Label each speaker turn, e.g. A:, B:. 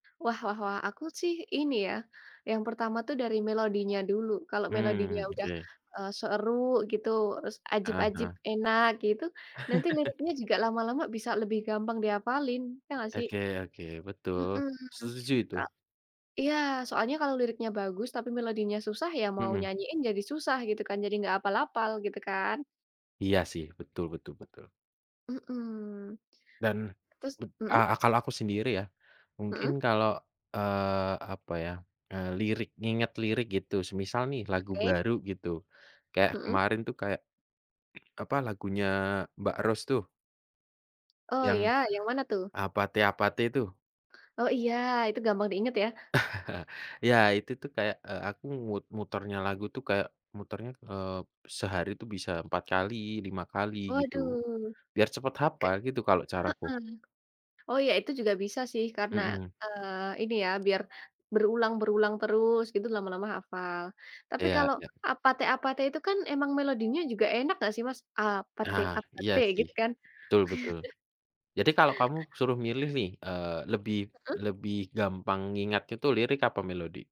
A: Wah wah wah, aku sih ini ya, yang pertama tuh dari melodinya dulu, kalau
B: Hmm,
A: melodinya udah,
B: oke.
A: eee, seru gitu terus
B: Heeh
A: ajib-ajib,
B: heeh.
A: enak gitu, nanti liriknya juga lama-lama bisa lebih gampang dihafalin, ya nggak sih?
B: Oke oke, betul,
A: Mhm.
B: setuju itu.
A: Ka iya, soalnya kalau liriknya bagus tapi melodinya susah, ya mau
B: Mhm.
A: nyanyiin jadi susah gitu kan, jadi nggak hafal-hafal, gitu kan?
B: Iya, sih, betul betul betul.
A: Mhm.
B: Dan
A: Terus mhm?
B: a kalau aku sendiri ya, mungkin
A: Mhm.
B: kalau, eee, apa ya, eee, lirik nginget lirik gitu, semisal nih lagu
A: Oke.
B: baru gitu, kayak
A: Mhm.
B: kemarin tuh kayak, apa, lagunya Mbak Rose tuh
A: Oh
B: yang
A: ya, yang mana tuh?
B: APT APT itu.
A: Oh iya, itu gampang diingat ya?
B: Iya, itu tuh kayak, eee, aku mut muternya lagu tuh kayak muternya, eee, sehari itu bisa 4 kali, 5 kali, gitu.
A: Waduh.
B: Biar cepat
A: Kek
B: hafal gitu kalau caraku.
A: heeh. Oh ya, itu juga bisa sih, karena,
B: Mhm.
A: eee, ini ya, biar berulang-berulang terus, gitu lama-lama hafal. Tapi
B: Iya
A: kalau
B: iya.
A: APT APT itu kan memang melodinya juga enak enggak sih, Mas? Apateu,
B: Ah, iya
A: apateu,
B: sih,
A: gitu kan?
B: betul betul. Jadi kalau kamu suruh milih nih, eee, lebih
A: Heeh?
B: lebih gampang ngingatnya itu lirik apa melodi?